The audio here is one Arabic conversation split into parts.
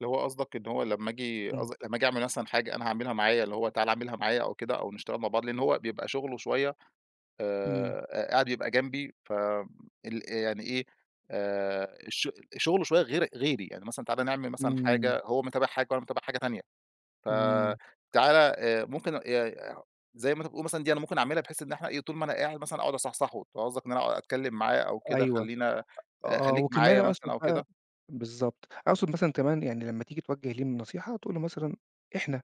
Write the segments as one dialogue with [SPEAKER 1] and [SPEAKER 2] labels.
[SPEAKER 1] اللي هو قصْدك، إن هو لمّا آجي
[SPEAKER 2] إمم.
[SPEAKER 1] قصد لمّا أجي أعمل مثلًا حاجة أنا هاعملها معايا، اللي هو تعالَ اعملها معايا أو كده أو نشتغل مع بعض لإن هو بيبقى شُغله شوية
[SPEAKER 2] إمم.
[SPEAKER 1] آآ ق قاعد يبقى جنبي ف ال يعني إيه، آآ الش شُغله شوية غير غيري، يعني مثلًا تعالَ نعمل مثلًا
[SPEAKER 2] إمم.
[SPEAKER 1] حاجة، هو متابع حاجة وأنا متابع حاجة تانية ف
[SPEAKER 2] إمم.
[SPEAKER 1] تعالَ آآ ممكن ي [unintelligible] زي ما أنت بتقول مثلًا دي أنا ممكن أعملها بحيث إن إحنا إيه، طُول ما أنا قاعد مثلًا أقعُد أصحصحه. ده قصدك إن أنا أ أتكلّم معاه أو كده
[SPEAKER 2] أيوه،
[SPEAKER 1] خلّينا آآ
[SPEAKER 2] آه
[SPEAKER 1] خلّيك
[SPEAKER 2] وكمان
[SPEAKER 1] معايا مثلًا
[SPEAKER 2] أقصُد
[SPEAKER 1] أو
[SPEAKER 2] بقى
[SPEAKER 1] كده؟
[SPEAKER 2] بالضبط، أقصد مثلًا كمان يعني لمّا تيجي توجِّه ليه النصيحة تقول له مثلًا إحنا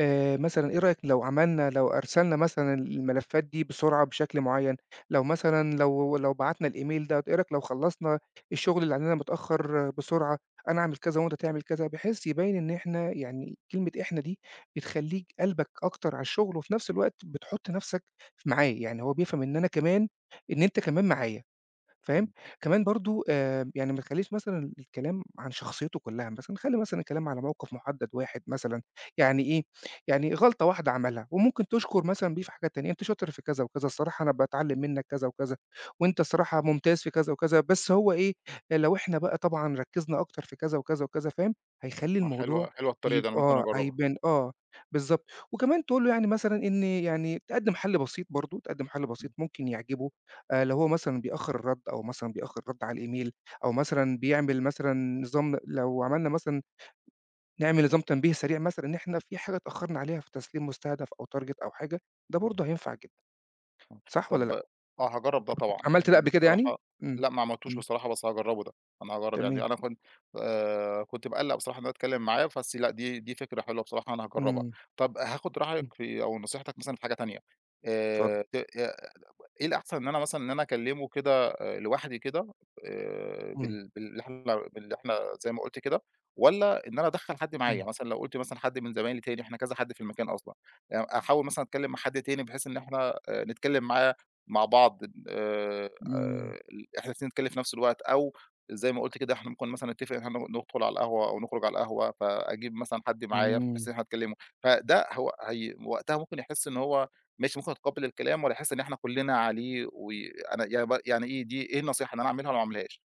[SPEAKER 2] آآ، مثلًا إيه رأيك لو عملنا لو أرسلنا مثلًا ال الملفّات دي بسرعة بشكل معيّن، لو مثلًا لو لو بَعتنا الemail ده، إيه رأيك لو خلّصنا الشغل اللي عندنا متأخّر بسرعة، أنا أعمل كذا وأنت تعمل كذا بحيث يبيّن إن إحنا يعني، كلمة إحنا دي بتخلّيك قلْبك أكتر على الشغل وفي نفس الوقت بتحُط نفْسَك ف معاه، يعني هو بيفهَم إن أنا كمان إن أنت كمان معايا فاهم،
[SPEAKER 1] [unintelligible]
[SPEAKER 2] كمان برضه آآ ب يعني ما تخلّيش مثلًا الكلام عن شخصيته كلّها مثلًا، خلّي مثلًا الكلام على موقِف مُحدّد واحد مثلًا، يعني إيه، يعني غلطة واحدة عمَلها وممكن تشكُر مثلًا بيه في حاجات تانية، أنت شاطر في كذا وكذا الصراحة أنا باتعلّم منك كذا وكذا وأنت الصراحة ممتاز في كذا وكذا بس هو إيه، لو إحنا بقى طبعًا ركّزنا أكتر في كذا وكذا وكذا فاهم، هيخلّي
[SPEAKER 1] آه
[SPEAKER 2] الموضوع
[SPEAKER 1] حلوة حلوة الطريقة
[SPEAKER 2] يب
[SPEAKER 1] دي، أنا ممكن
[SPEAKER 2] آه
[SPEAKER 1] أجرّبها.
[SPEAKER 2] هيبان آه، بالضبط، وكمان تقول له يعني مثلًا إن يعني تقدِّم حَل بسيط برضه، تقدِّم حَل بسيط
[SPEAKER 1] [unintelligible]
[SPEAKER 2] ممكن يعجبه، أ لو هو مثلًا بيأخّر الرَّد أو مثلًا بيأخّر رَد على الemail أو مثلًا بيعمل مثلًا نظام لو عملنا مثلًا نعمل نظام تنبيه سريع مثلًا إن إحنا في حاجة اتأخّرنا عليها في تسليم مستهدَف أو target أو حاجة ده برضه هينفع جدًا.
[SPEAKER 1] آه،
[SPEAKER 2] صح والّا
[SPEAKER 1] طَب
[SPEAKER 2] لأ؟
[SPEAKER 1] آه هاجرّب ده طبعًا
[SPEAKER 2] عملت ده قبل
[SPEAKER 1] [unintelligible]
[SPEAKER 2] كده يعني؟
[SPEAKER 1] بصراحة،
[SPEAKER 2] إمم،
[SPEAKER 1] لأ ما عملتوش
[SPEAKER 2] إمم.
[SPEAKER 1] بصراحة بس هاجرّبه ده، أنا هاجرّب
[SPEAKER 2] تمام.
[SPEAKER 1] يعني، أنا كنت آآ، كنت باقلّق بصراحة إن أنا اتكلّم معاه بس لأ، دي دي فكرة حلوة بصراحة أنا هاجرّبها.
[SPEAKER 2] إمم.
[SPEAKER 1] طَب هاخد رأيك
[SPEAKER 2] إمم.
[SPEAKER 1] في أو نصيحتك مثلًا في حاجة تانية
[SPEAKER 2] اتفضّل.
[SPEAKER 1] آآ، ت آآ إيه الأحسن، إن أنا مثلًا، إن أنا اكلّمه كده آآ لوحدي كده آآ،
[SPEAKER 2] إمم.
[SPEAKER 1] بال باللي إحنا باللي إحنا زي ما قُلت كده والّا إن أنا أدخّل حَد معايا،
[SPEAKER 2] إمم.
[SPEAKER 1] مثلًا لو قُلت مثلًا حَد من زمايلي تاني إحنا كذا حَد في المكان أصلًا يع أحاول مثلًا أتكلّم مع حَد تاني بحيث إن إحنا آآ نتكلّم معاه مع بعض ال آآ آآ
[SPEAKER 2] إمم.
[SPEAKER 1] ال إحنا الإتنين نتكلّم في نفس الوقت أو زي ما قُلت كده إحنا ممكن مثلًا نتّفق إن إحنا ن ندخُل على القهوة أو نخرُج على القهوة، فأجيب مثلًا حَد معايا بحيث إن
[SPEAKER 2] إمم.
[SPEAKER 1] إحنا نكلّمه، فده هو هي وقتها ممكن يحس إن هو ماشي ممكن يتقبّل الكلام والّا يحِس إن إحنا كُلّنا عليه و أنا يعني ب يعني إيه دي، إيه النصايح اللي أنا أعملها وما أعملهاش؟